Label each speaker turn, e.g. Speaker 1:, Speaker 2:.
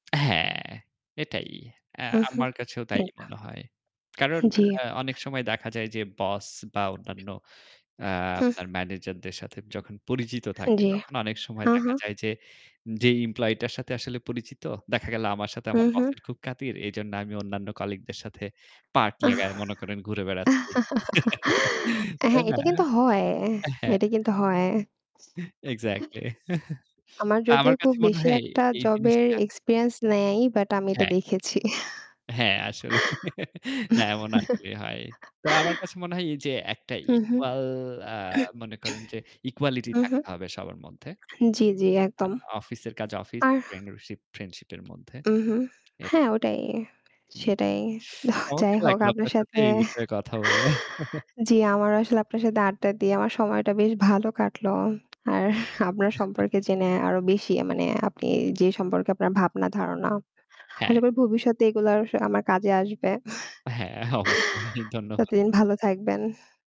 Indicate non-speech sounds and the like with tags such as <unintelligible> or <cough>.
Speaker 1: হ্যাঁ, এটাই। অ্যা
Speaker 2: হুম, হুম।
Speaker 1: আমার কাছেও তাই
Speaker 2: একদম।
Speaker 1: মনে হয়। কারণ
Speaker 2: জি।
Speaker 1: আ অনেক সময় দেখা যায় যে বস বা অন্যান্য আ
Speaker 2: হুম।
Speaker 1: আপনার ম্যানেজারদের সাথে যখন পরিচিত থাকে
Speaker 2: জি।
Speaker 1: তখন অনেক সময়
Speaker 2: হ্যাঁ,
Speaker 1: দেখা
Speaker 2: হ্যাঁ।
Speaker 1: যায় যে, যেই employee টার সাথে আসলে পরিচিত দেখা গেল আমার সাথে আমার
Speaker 2: হুম, হুম।
Speaker 1: বসের খুব খাতির। এইজন্য আমি অন্যান্য colleague দের সাথে পার্ট <unintelligible> মনে করেন আমি ঘুরে
Speaker 2: <chuckles>
Speaker 1: বেড়াচ্ছি। <chuckles> তাই
Speaker 2: হ্যাঁ,
Speaker 1: না?
Speaker 2: এটা কিন্তু হয়,
Speaker 1: আ হ্যাঁ।
Speaker 2: এটা কিন্তু হয়।
Speaker 1: এহ এক্সাস্টলি। <chuckles> Exactly।
Speaker 2: আমার
Speaker 1: তা
Speaker 2: যদিও
Speaker 1: আমার
Speaker 2: খুব
Speaker 1: কাছে মনে
Speaker 2: বেশি
Speaker 1: হয় এ
Speaker 2: একটা
Speaker 1: এই
Speaker 2: জবের
Speaker 1: জিনিসটা।
Speaker 2: experience নাই, বাট আমি এটা
Speaker 1: হ্যাঁ।
Speaker 2: দেখেছি।
Speaker 1: হ্যাঁ, আসলে <laughs> না, এমন
Speaker 2: <chuckles>
Speaker 1: আসলেই হয়। তো আমার কাছে মনে হয় এইযে একটা
Speaker 2: হু, হু।
Speaker 1: equal আ মনে করেন যে equality
Speaker 2: হু, হু।
Speaker 1: থাকতে হবে সবার মধ্যে।
Speaker 2: জি, জি,
Speaker 1: আ
Speaker 2: একদম।
Speaker 1: অফিসের কাজ অফিস
Speaker 2: আর
Speaker 1: friendship, friendship এর মধ্যে।
Speaker 2: উহুম,
Speaker 1: অ্যা
Speaker 2: হ্যাঁ, ওটাই।
Speaker 1: উম
Speaker 2: সেটাই। হ যাই
Speaker 1: চমৎকার
Speaker 2: হোক,
Speaker 1: লাগলো
Speaker 2: আপনার
Speaker 1: আপনার সাথে
Speaker 2: সাথে
Speaker 1: এই বিষয়ে কথা বলে।
Speaker 2: <chuckles>
Speaker 1: <chuckles>
Speaker 2: জি, আমারও আসলে আপনার সাথে আড্ডা দিয়ে আমার সময়টা বেশ ভালো কাটলো। আর আপনার
Speaker 1: <chuckles>
Speaker 2: সম্পর্কে জেনে আরও বেশি আ মানে আপনি যে সম্পর্কে আপনার ভাবনা ধারণা।
Speaker 1: হ্যাঁ।
Speaker 2: <unintelligible> করি ভবিষ্যতে এগুলা স আমার কাজে আসবে।
Speaker 1: হ্যাঁ, অবশ্যই।
Speaker 2: <chuckles>
Speaker 1: ধন্যবাদ।
Speaker 2: ততদিন ভালো থাকবেন।